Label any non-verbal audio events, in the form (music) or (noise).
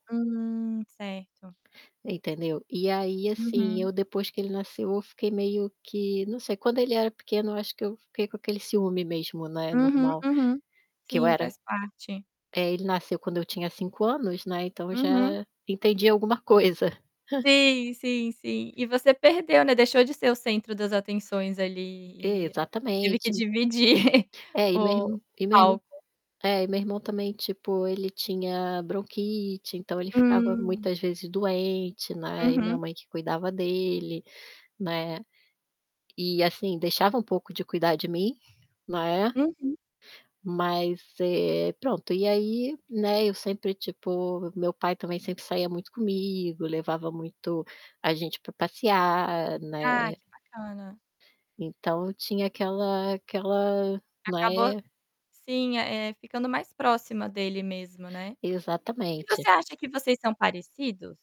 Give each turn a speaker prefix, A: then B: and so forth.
A: Hum, certo.
B: Entendeu, e aí, assim,
A: Uhum.
B: eu depois que ele nasceu eu fiquei meio que, não sei, quando ele era pequeno eu acho que eu fiquei com aquele ciúme mesmo, né,
A: Uhum,
B: normal,
A: uhum.
B: que eu
A: Sim,
B: era
A: faz parte.
B: é, ele nasceu quando eu tinha 5 anos, né, então eu
A: Uhum.
B: já entendia alguma coisa. (chuckles)
A: Sim, sim, sim. E você perdeu, né, deixou de ser o centro das atenções ali e teve que
B: Exatamente.
A: dividir
B: É, e
A: o
B: mesmo e mesmo
A: palco.
B: é, e meu irmão também, tipo, ele tinha bronquite, então ele ficava
A: Hum.
B: muitas vezes doente, né, e minha
A: Uhum.
B: mãe que cuidava dele, né, e, assim, deixava um pouco de cuidar de mim, né.
A: Uhum.
B: Mas, eh, pronto. E aí, né, eu sempre, tipo, meu pai também sempre saía muito comigo, levava muito a gente para passear,
A: Ah,
B: né.
A: que bacana.
B: Então tinha aquela aquela
A: Acabou
B: né.
A: sim, eh, ficando mais próxima dele mesmo, né. E você
B: Exatamente.
A: acha que vocês são parecidos?